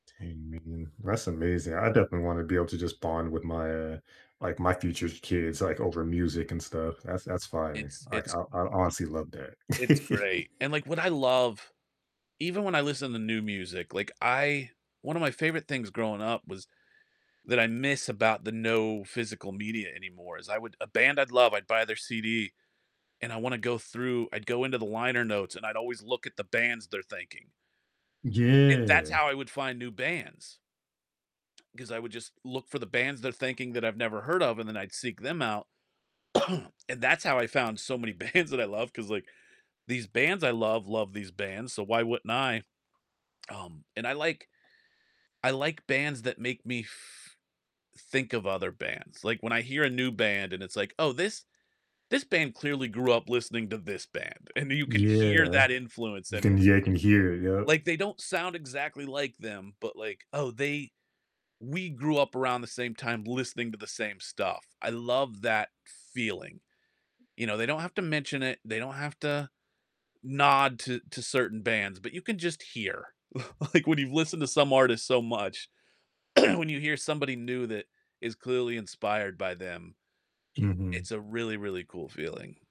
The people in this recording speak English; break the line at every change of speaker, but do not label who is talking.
Dang, man, that's amazing, I definitely wanna be able to just bond with my, uh like, my future s kids, like over music and stuff. That's that's fire,
It's
like I
it's
I honestly love that.
it's great, and, like, what I love, even when I listen to new music, like I one of my favorite things growing up was that I miss about the no physical media anymore is I would a band I'd love, I'd buy their CD, and I wanna go through I'd go into the liner notes, and I'd always look at the bands they're thanking. It that's
Yeah.
how I would find new bands. 'Cause I would just look for the bands they're thanking that I've never heard of, and then I'd seek them out, and that's how I found so many bands that I love, 'cause, like, these bands I love, love these bands, so, why wouldn't I Um, and I like I like bands that make me f think of other bands, like, when I hear a new band, and it's like, "Oh, this this band clearly grew up listening to this band," and you can hear
Yeah,
that influence
you
in
can
it.
yeah, I can hear it, yup.
Like they don't sound exactly like them, but like, "Oh, they we grew up around the same time listening to the same stuff." I love that feeling, you know, they don't have to mention it, they don't have to nod to to certain bands, but you can just hear. L like when you've listened to some artist so much, when you hear somebody new that is clearly inspired by them,
Mhm.
it's a really, really cool feeling